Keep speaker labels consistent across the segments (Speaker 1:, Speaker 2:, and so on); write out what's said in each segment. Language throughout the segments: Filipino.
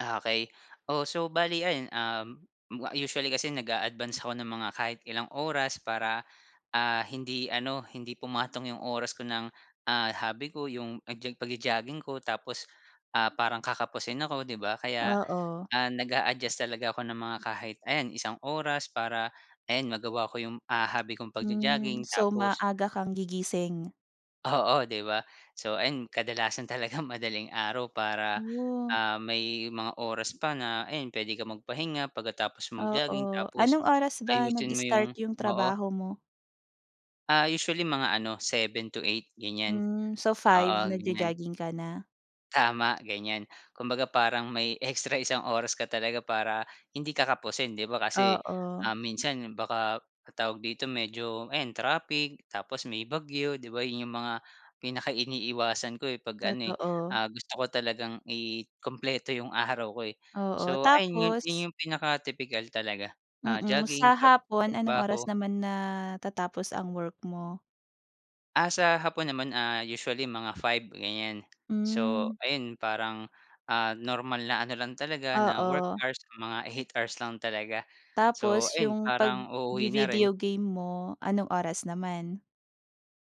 Speaker 1: Ah, okey. Oh, so bale ayun, um, ma usually kasi nag-a-advance ako ng mga kahit ilang oras para, ah, hindi ano, hindi pumatong yung oras ko ng, ah, hobby ko, yung nag-jog pagjo-jogging ko, tapos, ah, parang kakapusin ako, 'di ba? Kaya,
Speaker 2: Oo.
Speaker 1: ah, nag-a-adjust talaga ako ng mga kahit ayan, isang oras para ayan, magawa ko yung, ah, hobby kong
Speaker 2: Hmm.
Speaker 1: pagjo-jogging.
Speaker 2: So,
Speaker 1: Tapos
Speaker 2: maaga kang gigising.
Speaker 1: Oo, di ba? So, ayun kadalasan talaga madaling araw para,
Speaker 2: Woah.
Speaker 1: ah, may mga oras pa na ayan, pwede kang magpahinga pagkatapos mag-jogging
Speaker 2: Oo,
Speaker 1: tapos
Speaker 2: anong oras ba
Speaker 1: ayusin mo yung
Speaker 2: nag-start yung
Speaker 1: oo.
Speaker 2: trabaho mo?
Speaker 1: Ah, usually mga ano, 7 to 8 ganyan.
Speaker 2: Hmm. So 5
Speaker 1: Oo, ganyan.
Speaker 2: nagjo-jogging ka na?
Speaker 1: Tama, ganyan. Kumbaga, parang may extra isang oras ka talaga para hindi ka kapusin, di ba? Kasi, um,
Speaker 2: Oo.
Speaker 1: minsan baka tawag dito, medyo ayan, trapik, tapos may bagyo, di ba? Yun yung mga pinaka iniiwasan ko, eh, 'pag ano, eh,
Speaker 2: Totoo.
Speaker 1: ah, gusto ko talagang ikumpleto yung araw ko, eh.
Speaker 2: Oo.
Speaker 1: So ayun, 'yun
Speaker 2: Tapos?
Speaker 1: yung pinaka tipikal talaga. Ah,
Speaker 2: Mm,
Speaker 1: jogging,
Speaker 2: sa
Speaker 1: trab
Speaker 2: hapon anong
Speaker 1: trabaho.
Speaker 2: oras naman natatapos ang work mo?
Speaker 1: Ah, sa hapon naman, ah, usually mga 5 ganyan. So,
Speaker 2: Hmm.
Speaker 1: ayun parang, ah, normal na ano lang talaga, na work
Speaker 2: Oo.
Speaker 1: hours, mga 8 hours lang talaga. So,
Speaker 2: Tapos
Speaker 1: ayun
Speaker 2: yung pag
Speaker 1: parang uuwi na rin.
Speaker 2: vi-video game mo, anong oras naman?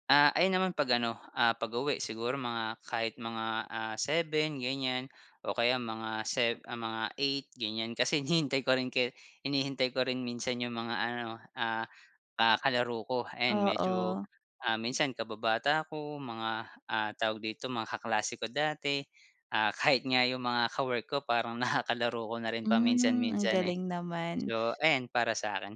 Speaker 1: Ah, ayun naman 'pag ano, ah, pag-uwi. Siguro mga kahit mga, ah, 7 ganyan. O kaya mga sev ah, mga 8 ganyan. Kasi hinihintay ko rin kaya hinihintay ko rin minsan yung mga ano, ah, ah, kalaro ko, ayan medyo
Speaker 2: Oo.
Speaker 1: ah, minsan kababata ko, mga ah, tawag dito, mga kaklase ko dati. Ah, kahit nga yung mga ka-work ko parang nakakalaro ko na rin
Speaker 2: Hmm, ang
Speaker 1: paminsan-minsan, eh.
Speaker 2: galing naman.
Speaker 1: So ayan, para sa akin.